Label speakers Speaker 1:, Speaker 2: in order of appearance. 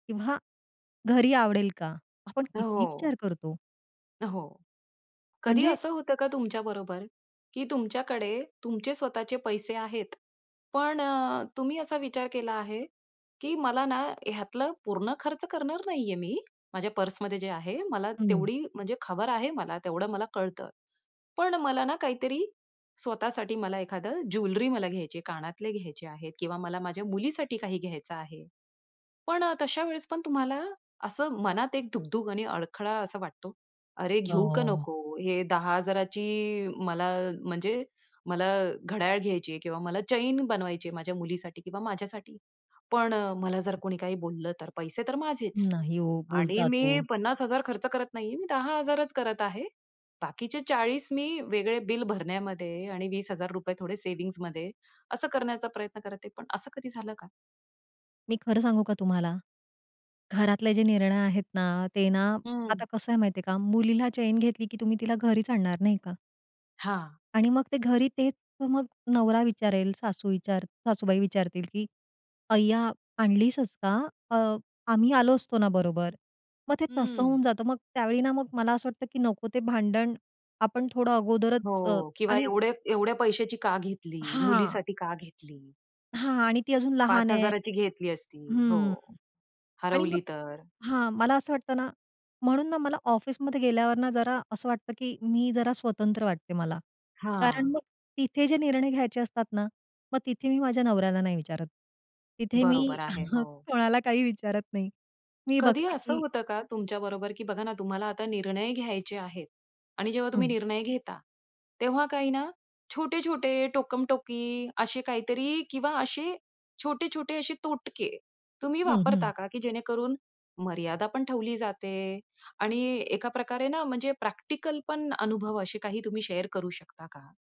Speaker 1: किंवा घरी आवडेल का? आपण किती
Speaker 2: हो.
Speaker 1: विचार करतो.
Speaker 2: हो. कधी
Speaker 1: म्हणजे
Speaker 2: असं होतं का तुमच्याबरोबर? की तुमच्याकडे तुमचे स्वतःचे पैसे आहेत. पण अ, तुम्ही असा विचार केला आहे, की मला ना ह्यातलं पूर्ण खर्च करणार नाही आहे मी, माझ्या पर्समध्ये जे आहे, मला
Speaker 1: हं.
Speaker 2: तेवढी म्हणजे खबर आहे मला. तेवढं मला कळतं. पण मला ना काहीतरी स्वतःसाठी मला एखादं ज्वेलरी मला घ्यायची आहे, कानातले घ्यायचे आहेत किंवा मला माझ्या मुलीसाठी काही घ्यायचं आहे. पण अ, तशावेळेस पण तुम्हाला असं मनात एक धुग-धुग आणि अडखळा असा वाटतो. "अरे घेऊ का
Speaker 1: हो.
Speaker 2: नको? हे 10,000ची मला म्हणजे मला घड्याळ घ्यायची आहे किंवा मला चेन बनवायची आहे माझ्या मुलीसाठी किंवा माझ्यासाठी" पण अ, मला जर कोणी काही बोललं तर पैसे तर माझेच.
Speaker 1: नाही हो,
Speaker 2: आणि
Speaker 1: बोलतात
Speaker 2: मी
Speaker 1: हो.
Speaker 2: 50,000 खर्च करत नाही आहे. मी 10 हजारच करत आहे. बाकीचे 40 मी वेगळे बिल भरण्यामध्ये आणि ₹20,000 थोडे सेव्हिंग्जमध्ये असं करण्याचा प्रयत्न करते. पण असं कधी झालं का?
Speaker 1: मी खरं सांगू का तुम्हाला? घरातले जे निर्णय आहेत ना? ते ना
Speaker 2: हं.
Speaker 1: आता कसं आहे माहितीये का? मुलीला चेन घेतली की तुम्ही तिला घरीच आणणार नाही का?
Speaker 2: हां.
Speaker 1: आणि मग ते घरी तेच मग नवरा विचारेल, सासू विचार सासूबाई विचारतील की "अय्या, आणलीसच का? अ, आम्ही आलो असतो ना बरोबर." मग ते तसं होऊन
Speaker 2: हं.
Speaker 1: जातं. मग त्यावेळी ना, मग मला असं वाटतं की नको ते भांडण. आपण थोडं अगोदरच अ,
Speaker 2: हो. किंवा
Speaker 1: आणि
Speaker 2: एवढे एवढ्या पैशाची का घेतली?
Speaker 1: हां.
Speaker 2: मुलीसाठी का घेतली?
Speaker 1: हां. आणि ती अजून
Speaker 2: पाच
Speaker 1: लहान आहे
Speaker 2: हजाराची घेतली असती हो.
Speaker 1: हं, आणि मग
Speaker 2: हरवली तर?
Speaker 1: हां, मला असं वाटतं ना म्हणून ना मला ऑफिसमध्ये गेल्यावर ना जरा असं वाटतं, की मी जरा स्वतंत्र वाटते मला. कारण
Speaker 2: हां.
Speaker 1: मग तिथे जे निर्णय घ्यायचे असतात ना, मग तिथे मी माझ्या नवऱ्याला नाही विचारत. तिथे मी
Speaker 2: बरोबर आहे,
Speaker 1: मग
Speaker 2: हो.
Speaker 1: कोणाला काही विचारत नाही. मी
Speaker 2: कधी
Speaker 1: बघते
Speaker 2: असं
Speaker 1: की
Speaker 2: होतं का तुमच्याबरोबर की बघा ना तुम्हाला आता निर्णय घ्यायचे आहेत आणि जेव्हा तुम्ही
Speaker 1: हं.
Speaker 2: निर्णय घेता, तेव्हा काही ना छोटे-छोटे टोकमटोकी, असे काहीतरी किंवा असे छोटे-छोटे असे तोटके, तुम्ही
Speaker 1: हं, हं.
Speaker 2: वापरता का? की जेणेकरून मर्यादा पण ठेवली जाते आणि एकाप्रकारे ना म्हणजे प्रॅक्टिकल पण अनुभव असे काही तुम्ही शेअर करू शकता का?